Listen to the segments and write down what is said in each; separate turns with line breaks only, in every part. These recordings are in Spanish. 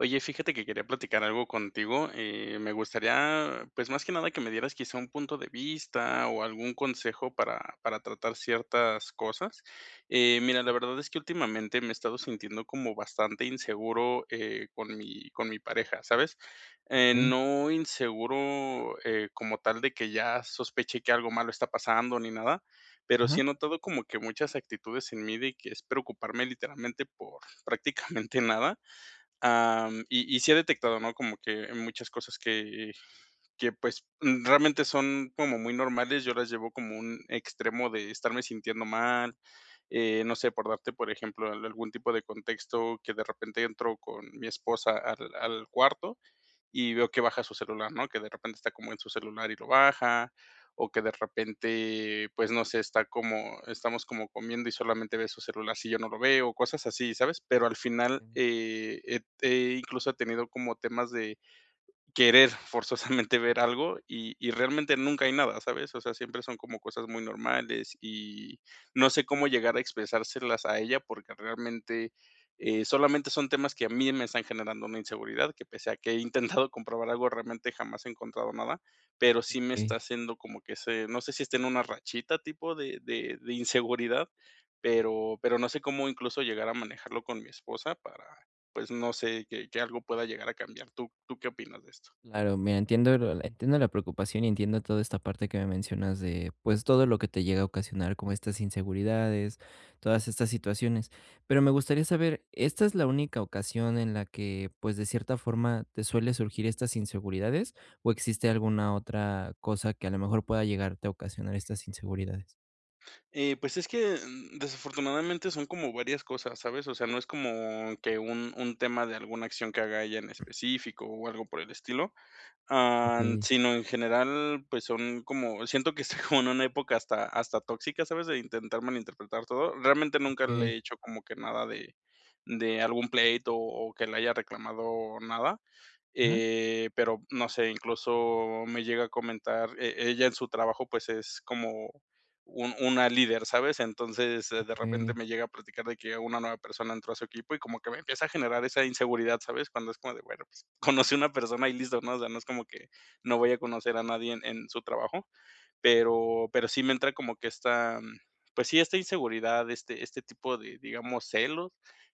Oye, fíjate que quería platicar algo contigo, eh, me gustaría, pues, más que nada que me dieras quizá un punto de vista o algún consejo para para tratar ciertas cosas. Eh, mira, la verdad es que últimamente me he estado sintiendo como bastante inseguro, eh, con mi con mi pareja, ¿sabes?, eh,
Okey.
no inseguro, eh, como tal de que ya sospeche que algo malo está pasando ni nada, pero
Ajá.
sí he notado como que muchas actitudes en mí de que es preocuparme, literalmente, por prácticamente nada, am, y y sí he detectado, ¿no?, como que muchas cosas que, eh, que, pues, mm, realmente son como muy normales, yo las llevo como un extremo de estarme sintiendo mal, eh, no sé, por darte, por ejemplo, al algún tipo de contexto, que de repente entro con mi esposa al al cuarto y veo que baja su celular, ¿no?, que de repente está como en su celular y lo baja, o que de repente, pues, no sé, está como estamos como comiendo y solamente ve su celular, si yo no lo veo, cosas así, ¿sabes? Pero al final,
Mm.
eh, eh p eh, incluso he tenido como temas de querer forzosamente ver algo y y realmente nunca hay nada, ¿sabes? O sea, siempre son como cosas muy normales y no sé cómo llegar a expresárselas a ella, porque realmente, eh, solamente son temas que a mí me están generando una inseguridad, que pese a que he intentado comprobar algo, realmente jamás he encontrado nada, pero sí me está
Okey.
haciendo como que se no sé si esté en una rachita tipo de de de inseguridad, pero pero no sé cómo, incluso, llegar a manejarlo con mi esposa para, pues, no sé que que algo pueda llegar a cambiar. ¿Tú tú qué opinas de esto?
Claro, mira, entiendo la entiendo la preocupación, y entiendo toda esta parte que me mencionas de, pues, todo lo que te llega a ocasionar, como estas inseguridades, todas estas situaciones. Pero me gustaría saber, ¿esta es la única ocasión en la que, pues, de cierta forma, te suele surgir estas inseguridades o existe alguna otra cosa que, a lo mejor, pueda llegarte a ocasionar estas inseguridades?
Eh, pues es que, mm, desafortunadamente son como varias cosas, ¿sabes? O sea, no es como que un un tema de alguna acción que haga ella en específico o algo por el estilo, am,
Okey.
sino, en general, pues son como, siento que está como en una época hasta hasta tóxica, ¿sabes? De intentar malinterpretar todo. Realmente nunca le
Okey.
he hecho como que nada de de algún pleito o que le haya reclamado nada.
Ajá.
Eh, pero no sé, incluso me llega a comentar, eh ella, en su trabajo, pues, es como un una líder, ¿sabes? Entonces, de repente
Okey.
me llega a platicar de que una nueva persona entró a su equipo y como que me empieza a generar esa inseguridad, ¿sabes? Cuando es como de: "Bueno, pues, conocí a una persona". Y listo, ¿no? O sea, no es como que no vaya a conocer a nadie en su trabajo. Pero pero sí me entra como que esta, pues sí, esta inseguridad, este este tipo de, digamos, celos.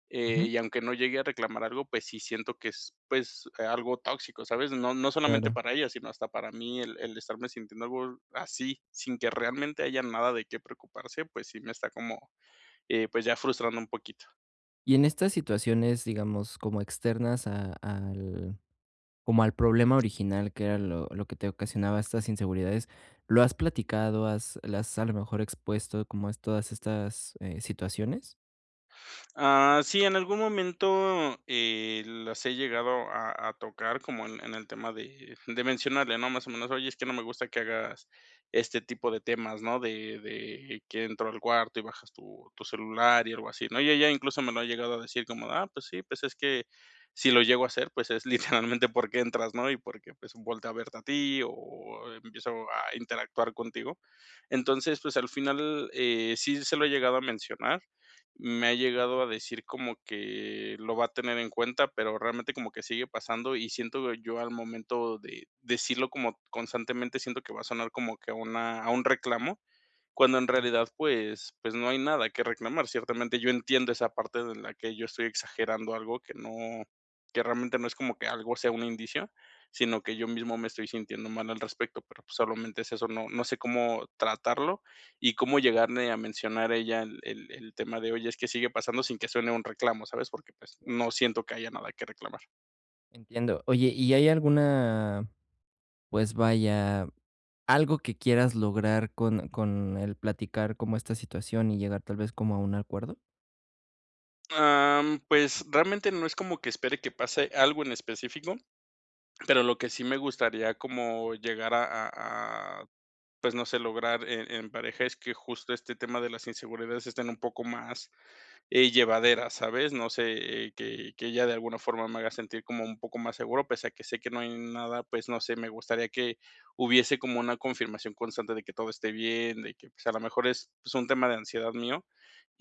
Eh,
Ujú.
y aunque no llegue a reclamar algo, pues sí siento que es, pues, eh, algo tóxico, ¿sabes? No no solamente
Claro.
para ella, sino hasta para mí. El el estarme sintiendo algo así, sin que realmente haya nada de qué preocuparse, pues sí, me está como, eh, pues, ya frustrando un poquito.
Y en estas situaciones, digamos, como externas a al como al problema original, que era lo lo que te ocasionaba estas inseguridades, ¿lo has platicado, has le has, a lo mejor, expuesto como es todas estas situaciones?
Ah, sí, en algún momento, eh, las he llegado a a tocar como en en el tema de de mencionarle, ¿no?, más o menos: "Oye, es que no me gusta que hagas este tipo de temas, ¿no?, de de que entro al cuarto y bajas tu tu celular y algo así", ¿no?, y ella incluso me lo ha llegado a decir como: "Ah, pues sí, pues es que si lo llego a hacer, pues es literalmente porque entras, ¿no?, y porque, pues, volteo a verte a ti o empiezo a interactuar contigo". Entonces, pues al final, eh, sí se lo he llegado a mencionar, me ha llegado a decir como que lo va a tener en cuenta, pero realmente como que sigue pasando y siento yo al momento de decirlo como constantemente, siento que va a sonar como que a una a un reclamo, cuando en
Mm.
realidad pues pues no hay nada que reclamar, ciertamente yo entiendo esa parte de la que yo estoy exagerando algo que no que realmente no es como que algo sea un indicio, sino que yo mismo me estoy sintiendo mal al respecto, pero pues solamente es eso, no no sé cómo tratarlo y cómo llegarle a mencionar ella el el el tema de: "Oye, es que sigue pasando", sin que suene un reclamo, ¿sabes? Porque pues no
Claro.
siento que haya nada que reclamar.
Entiendo, oye, ¿y hay alguna, pues, vaya, algo que quieras lograr con con el platicar como esta situación y llegar tal vez como a un acuerdo?
Am, pues, realmente no es como que espere que pase algo en específico, pero lo que sí me gustaría como llegar a a a, pues, no sé lograr en en pareja es que justo este tema de las inseguridades estén un poco más, eh, llevaderas, ¿sabes?, no sé, eh,
Mm.
que que ella de alguna forma me haga sentir como un poco más seguro pese a que sé que no hay nada, pues, no sé, me gustaría que hubiese como una confirmación constante de que todo esté bien, de que, pues, a lo mejor es, pues, un tema de ansiedad mío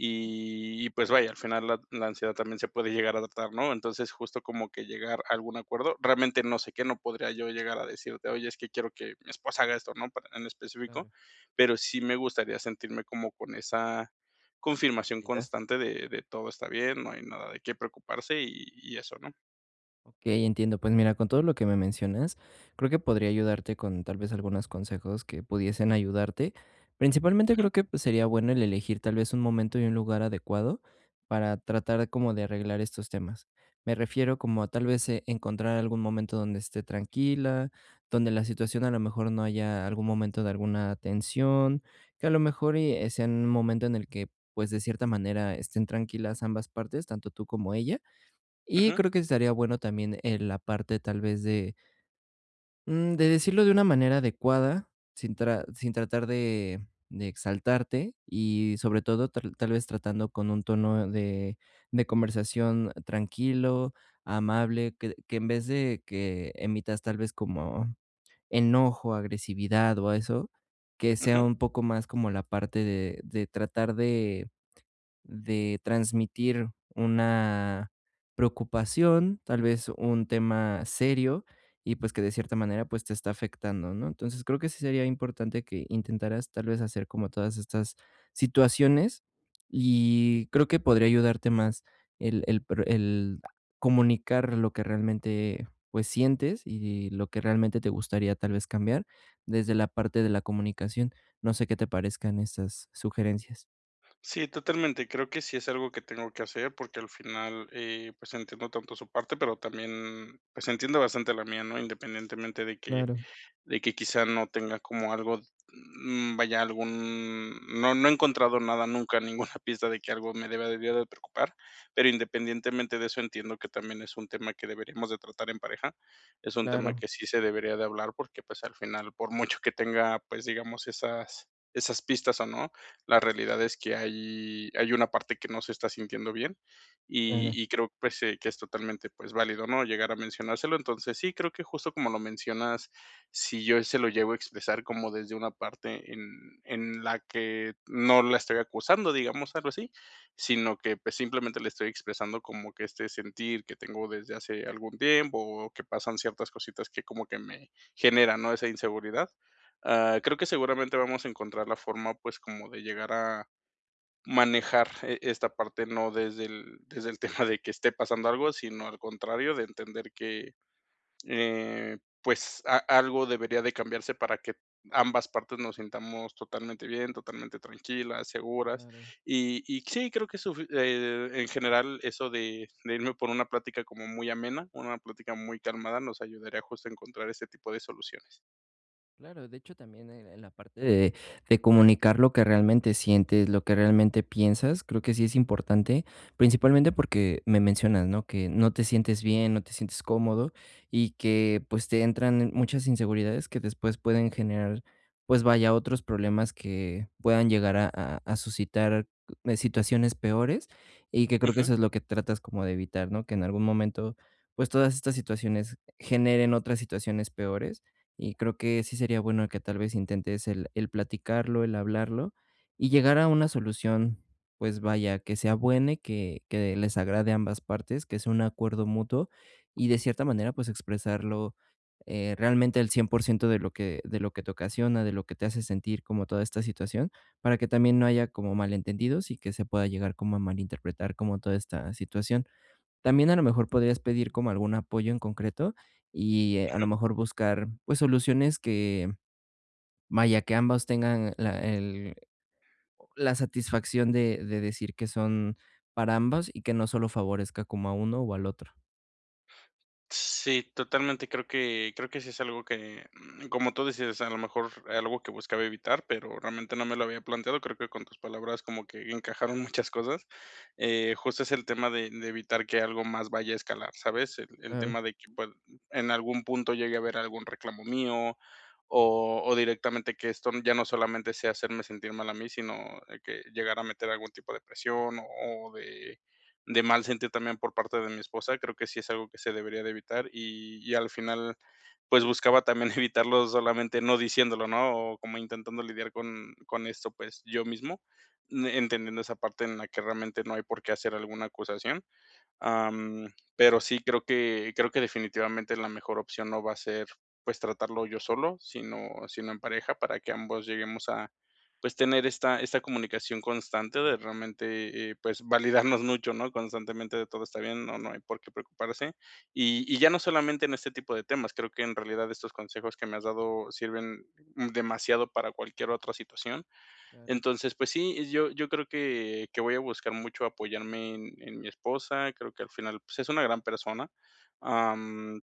y y, pues, vaya, al final la la ansiedad también se puede llegar a adoptar, ¿no?, entonces justo como que llegar a algún acuerdo, realmente no sé qué, no podría yo, llegar a decirte: "Oye, es que quiero que mi esposa haga esto", ¿no?, para en específico,
Claro.
pero sí me gustaría sentirme como con esa confirmación
Y das.
constante de de todo está bien, no hay nada de qué preocuparse y y eso, ¿no?
Okey, entiendo, pues mira, con todo lo que me mencionas, creo que podría ayudarte con, tal vez, algunos consejos que pudiesen ayudarte, principalmente,
Ujú.
creo que, pues, sería bueno el elegir, tal vez, un momento y un lugar adecuado, para tratar como de arreglar estos temas, me refiero como a, tal vez, e encontrar algún momento donde esté tranquila, donde la situación, a lo mejor, no haya algún momento de alguna tensión, que a lo mejor y sea en un momento en el que, pues, de cierta manera, estén tranquilas ambas partes, tanto tú como ella, y
Ujú.
creo que estaría bueno también, eh, la parte tal vez de mm, de decirlo de una manera adecuada, sin tra sin tratar de de exaltarte y, sobre todo, ta tal vez tratando con un tono de de conversación tranquilo, amable, que que en vez de que emitas tal vez como enojo, agresividad o eso, que sea
Ujú.
un poco más como la parte de de tratar de de transmitir, una preocupación, tal vez un tema serio y, pues, que de cierta manera, pues, te está afectando, ¿no?, entonces, creo que sí sería importante que intentaras, tal vez, hacer como todas estas situaciones, y creo que podría ayudarte más el el pro el comunicar lo que realmente, pues, sientes y lo que realmente te gustaría, tal vez, cambiar desde la parte de la comunicación, no sé qué te parezcan esas sugerencias.
Sí, totalmente, creo que sí es algo que tengo que hacer porque al final, eh, pues, entiendo tanto su parte pero también, pues, entiendo bastante la mía, ¿no?, independientemente de que
Claro.
de que quizá no tenga como algo, mm vaya, algún, no no he encontrado nada nunca, ninguna pista de que algo me debería de preocupar, pero independientemente de eso entiendo que también es un tema que deberíamos de tratar en pareja, es un tema
Claro.
que sí se debería de hablar porque, pues, al final por mucho que tenga, pues, digamos esas esas pistas o no, la realidad es que hay hay una parte que no se está sintiendo bien, y
Claro.
y creo, pues, eh, que es totalmente, pues, válido, ¿no?, llegar a mencionárselo, entonces, sí, creo que justo como lo mencionas, si yo se lo llego a expresar como desde una parte en en la que no la estoy acusando, digamos, algo así, sino que, pues, simplemente le estoy expresando como que este sentir que tengo desde hace algún tiempo, o que pasan ciertas cositas que como que me generan, ¿no?, esa inseguridad, ah, creo que seguramente vamos a encontrar la forma, pues, como de llegar a manejar, e esta parte, no desde el desde el tema de que esté pasando algo, sino al contrario, de entender que, eh, pues, a-algo debería de cambiarse para que ambas partes nos sintamos totalmente bien, totalmente tranquilas, seguras,
Claro.
y y sí, creo que eso, e e en general, eso de de irme por una plática como muy amena, una plática muy calmada, nos ayudaría justo a encontrar ese tipo de soluciones.
Claro, de hecho, también en en la parte de de comunicar lo que realmente sientes, lo que realmente piensas, creo que sí es importante, principalmente porque me mencionas, ¿no?, que no te sientes bien, no te sientes cómodo y que, pues, te entran muchas inseguridades que después pueden generar, pues, vaya, otros problemas que puedan llegar a a suscitar, eh, situaciones peores y que creo que
Ujú.
eso es lo que tratas como de evitar, ¿no?, que en algún momento, pues, todas estas situaciones generen otras situaciones peores, y creo que sí sería bueno que, tal vez, intentes el el platicarlo, el hablarlo y llegar a una solución, pues, vaya, que sea buena y que que les agrade a ambas partes, que sea un acuerdo mutuo y, de cierta manera, pues, expresarlo, eh, realmente al 100% de lo que de lo que te ocasiona, de lo que te hace sentir como toda esta situación, para que también no haya como malentendidos y que se pueda llegar como a malinterpretar como toda esta situación, también, a lo mejor, podrías pedir como algún apoyo en concreto y, a lo
Ujú.
mejor, buscar, pues, soluciones que, vaya, que ambos tengan la el oh, la satisfacción de de decir que son para ambos y que no solo favorezca como a uno o al otro.
Sí, totalmente. Creo que creo que sí es algo que, mm, como tú dices, a lo mejor era algo que buscaba evitar, pero realmente no me lo había planteado, creo que con tus palabras como que encajaron muchas cosas. Eh, justo es el tema de de evitar que algo más vaya a escalar, ¿sabes? El el
Claro.
tema de que, pues, en algún punto llegue a haber algún reclamo mío o o directamente que esto ya no solamente sea hacerme sentir mal a mí, sino que, llegar a meter algún tipo de presión o o de de mal sentir también por parte de mi esposa. Creo que sí es algo que se debería de evitar y y al final, pues, buscaba también evitarlo solamente no diciéndolo, ¿no? O como intentando lidiar con con esto, pues, yo mismo, mm, entendiendo esa parte en la que realmente no hay por qué hacer alguna acusación. Am, pero sí, creo que creo que definitivamente la mejor opción no va a ser, pues, tratarlo yo solo, sino sino en pareja, para que ambos lleguemos a, pues, tener esta esta comunicación constante de realmente, eh, pues validarnos mucho, ¿no? Constantemente de: "Todo está bien, no no hay por qué preocuparse". Y y ya no solamente en este tipo de temas, creo que en realidad estos consejos que me has dado sirven, mm, demasiado para cualquier otra situación.
Claro.
Entonces, pues sí, yo yo creo que que voy a buscar mucho apoyarme en en mi esposa, creo que al final, pues, es una gran persona. Am,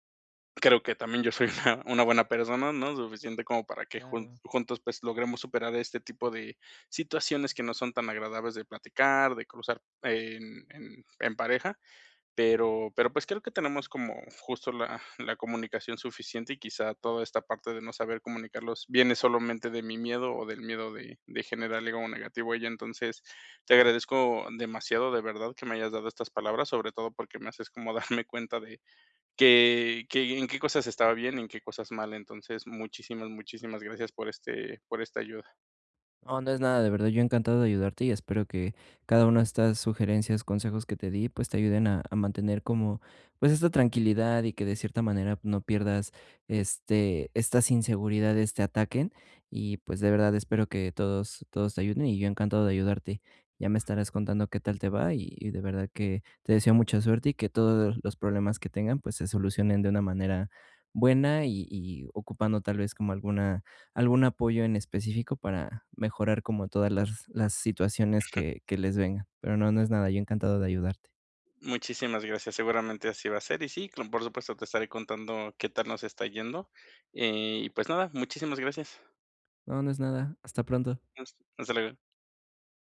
creo que también yo soy una una buena persona, ¿no? Suficiente como para que jun
Claro.
juntos, pues, logremos superar este tipo de situaciones que no son tan agradables de platicar, de cruzar en en en pareja. Pero pero pues, creo que tenemos como justo la la comunicación suficiente, y quizá toda esta parte de no saber comunicarlos viene solamente de mi miedo o del miedo de de generarle algo negativo a ella. Entonces, te agradezco demasiado, de verdad, que me hayas dado estas palabras, sobre todo me haces como darme cuenta de que que en qué cosas estaba bien y en qué cosas mal. Entonces, muchísimas, muchísimas gracias por este por esta ayuda.
No, no es nada, de verdad, yo encantado de ayudarte y espero que cada una de estas sugerencias, consejos que te di, pues, te ayuden a a mantener como, pues, esta tranquilidad y que, de cierta manera, no pierdas, este estas inseguridades, te ataquen. Y, pues, de verdad, espero que todos todos te ayuden y yo encantado de ayudarte. Ya me estarás contando qué tal te va y y de verdad que te deseo mucha suerte y que todos los problemas que tengan, pues, se solucionen de una manera buena y y ocupando, tal vez, como alguna algún apoyo en específico para mejorar como todas las las situaciones
Ujú.
que que les vengan. Pero no, no es nada, yo encantado de ayudarte.
Muchísimas gracias. Seguramente así va a ser, y sí, claro, por supuesto, te estaré contando qué tal nos está yendo. Eh, y, pues, nada. Muchísimas gracias.
No, no es nada. Hasta pronto.
Adiós, hasta luego.